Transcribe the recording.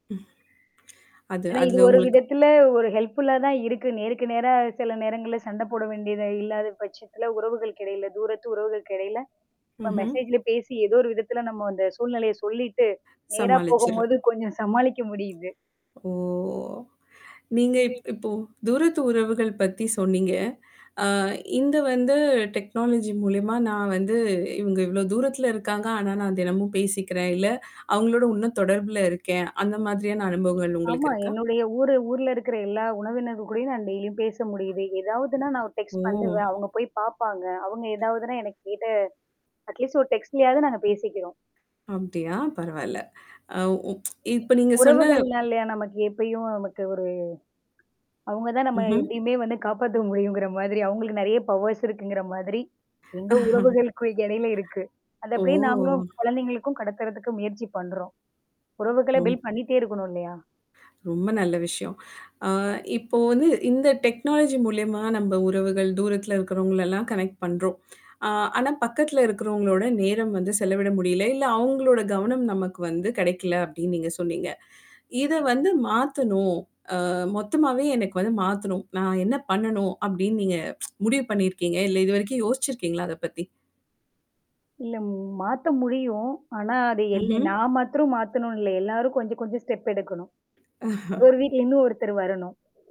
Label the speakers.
Speaker 1: அது
Speaker 2: ஆனா, இது
Speaker 1: அதுல
Speaker 2: ஒரு
Speaker 1: உங்களுக்கு
Speaker 2: விதத்துல ஒரு ஹெல்ப்ஃபுல்லா தான் இருக்கு. நேருக்கு நேரா சில நேரங்கள்ல சண்ட போட வேண்டியதா இல்லாத பட்சத்தில உறவுகளுக்கு எடையில தூரத்து உறவுகளுக்கெடைல நம்ம
Speaker 1: ம்ஹ்ம்.
Speaker 2: மெசேஜ்ல பேசி ஏதோ ஒரு விதத்தில நம்ம அந்த சூழ்நிலைய சொல்லிட்டு, நேரா
Speaker 1: சமாளிச்சுர்றா.
Speaker 2: போகும்போது கொஞ்சம் சமாளிக்க முடியுது.
Speaker 1: ஓ! நீங்க இப்
Speaker 2: நீங்கள்
Speaker 1: இப்போ தூரத்து உறவுகள் பத்தி சொன்னீங்க. ஆ இந்த வந்து டெக்னாலஜி மூலியமா நான் வந்து இவங்க இவ்ளோ தூரத்தில இருக்காங்க. ஆனா நான் தினமும் பேசிக்கிறேன். இல்ல அவங்களோட இன்னும் தொடர்புல இருக்கேன். அந்த மாதிரியான அனுபவங்கள்
Speaker 2: ஆமா.
Speaker 1: உங்களுக்கு இருக்கா?
Speaker 2: என்னுடைய ஊரு ஊர்ல இருக்கிற எல்லா உறவினர்கள் கூடயும் நான் டெய்லியும் பேச முடியுது. எதாவதுன்னா நான் ஒரு
Speaker 1: ஓ!
Speaker 2: டெக்ஸ்ட் பண்ணுவேன். அவங்க போய் பாப்பாங்க. அவங்க ஏதாவதுனா எனக்கு கேட்ட அட்லீஸ்ட் ஒரு டெக்ஸ்ட்லயாது நாங்க பேசிக்கறோம்.
Speaker 1: அப்டியா, பரவால்ல. அ உப் இப்ப நீங்க சொன்ன
Speaker 2: உறவுகள்னாலயா, நமக்கு எப்பயும் நமக்கு ஒரு அவங்க தான் நம்ம
Speaker 1: ம்ஹ்ம்.
Speaker 2: எப்பயுமே வந்து காப்பாத்த முடியுங்கிற மாதிரி அவங்களுக்கு நெறைய பவர்ஸ் இருக்குங்கற மாதிரி. எங்க உறவுகளுக்கு எடையில இருக்கு. அத அப்படியே
Speaker 1: ஓ!
Speaker 2: நாங்களும் குழந்தைகளுக்கும் கடத்தறதுக்கு முயற்சி பண்றோம். உறவுகள
Speaker 1: ரொம்
Speaker 2: பில்ட் பண்ணிட்டே இருக்கணும் இல்லையா?
Speaker 1: ...ரொம்ப நல்ல விஷயம். அ இப்போ வந்து இந்த டெக்னாலஜி மூலியமா நம்ம உறவுகள் தூரத்தில இருக்கிறவங்கள எல்லாம் கனெக்ட் பண்றோம். அ ஆனா பக்கத்துல இருக்கிறவங்களோட நேரம் வந்து செலவிட முடியல. இல்ல அவங்களோட கவனம் நமக்கு வந்து கெடைக்கல அப்படின்னு நீங்க சொன்னீங்க. இத வந்து மாத்தணும். அ மொத்தமாவே எனக்கு வந்து மாத்தணும். நான் என்ன பண்ணணும் அப்டின்னு நீங்க முடிவு பண்ணிருக்கீங்க? இல்ல இதுவரைக்கும் யோசுச்சிருக்கீங்களா அத பத்தி?
Speaker 2: இல்ல, மாத்த முடியும். ஆனா அது எல்லு
Speaker 1: ம்ஹ்ம்.
Speaker 2: நான் மாத்திரம் மாத்தணும்னு இல்ல எல்லாரும் கொஞ்சம், கொஞ்சம் ஸ்டெப் எடுக்கணும். அவரு வீட்ல இருந்து இன்னும் ஒருத்தர் வரணும்.